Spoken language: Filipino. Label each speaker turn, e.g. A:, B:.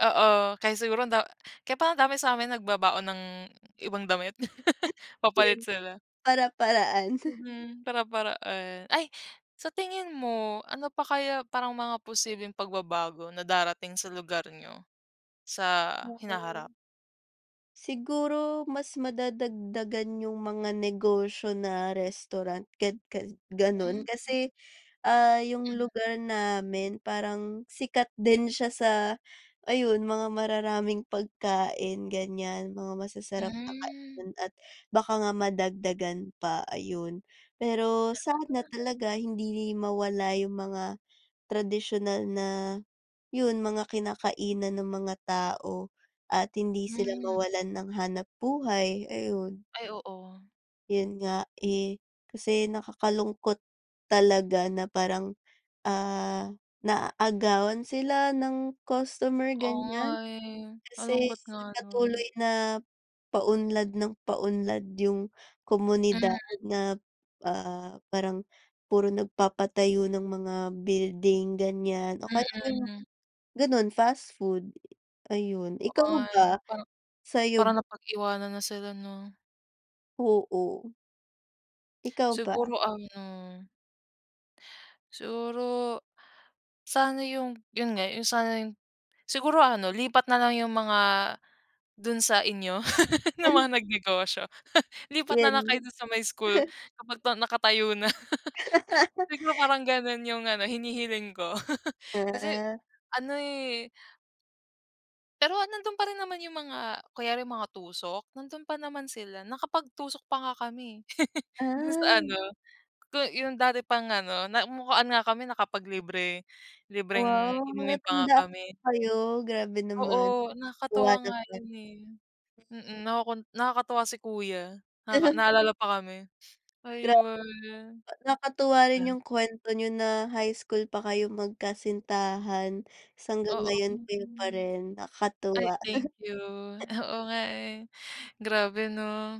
A: Oo, kaya siguro anda kaya parang dami sa'min nagbabaon ng ibang damit, papalit
B: 'Yon.
A: sila.
B: Para-paraan.
A: Mhm, para-paraan. Ay, sa tingin mo, ano pa kaya, parang mga posibleng pagbabago na darating sa lugar niyo, sa hinaharap?
B: Mm. Siguro, mas madadagdagan yung mga negosyo na restaurant, gan ga
A: Hmm.
B: gano'n. Kasi, ah, yung
A: Hmm.
B: lugar namin parang sikat din siya sa, ayun, mga mararaming pagkain, ganyan. Mga masasarap na
A: Hmm.
B: kainan at baka nga madagdagan pa, ayun. Pero sana
A: Sana lang.
B: talaga, hindi mawala yung mga tradisyunal na, 'yon, mga kinakainan ng mga tao at hindi sila
A: Hmm.
B: mawalan ng hanap-buhay, ayun.
A: Ay, oo.
B: 'Yon nga, eh, kasi nakakalungkot, talaga na parang, ah, naaagawan sila ng customer,
A: Oo nga
B: ganyan.
A: eh, ang
B: Kasi
A: lungkot nga no'n.
B: patuloy na, paunlad ng paunlad yung komunidad
A: Mhm.
B: na, ah, parang puro nagpapatayo ng mga building, ganyan, o kaya yung
A: Mm.
B: gano'n, fast food, ayun.
A: Oo
B: Ikaw
A: nga, eh,
B: ba,
A: parang
B: sa'yo
A: parang
B: b
A: napag-iwanan na sila, 'no?
B: Oo. Ikaw ba?
A: Siguro ano siguro sana yung, 'yon nga, yung sana yung siguro ano, lipat na lang yung mga, do'n sa inyo
B: Ah.
A: yung mga nag-negosyo, lipat na lang kayo
B: 'Yon.
A: do'n sa may school, kapag na nakatayo na. Siguro, parang gano'n yung ano, hinihiling ko, kasi
B: Oo.
A: ano eh pero, nando'n pa rin naman yung mga, kunyari, yung mga tusok, nando'n pa naman sila. Nakapagtusok pa nga kami, eh, do'n sa
B: Ah.
A: ano, ko yung dati pang ano, namukhaan nga kami nakapaglibre libreng
B: Wow,
A: inumin pa nga
B: natandaan
A: kami.
B: pa kayo, grabe naman.
A: Oo, nakakatuwa nga
B: Nakakatuwa
A: 'yon,
B: naman.
A: eh, mm. Nakukun nakakatuwa si kuya, nakaka naalala pa kami,
B: Gra
A: ayun.
B: nakakatuwa rin
A: Yan.
B: yung kuwento niyo na high school pa kayo, magkasintahan, tas hanggang
A: Oo,
B: ngayon kayo pa
A: mm.
B: rin,
A: Ay,
B: nakakatuwa.
A: thank you. Oo nga, eh, grabe, 'no.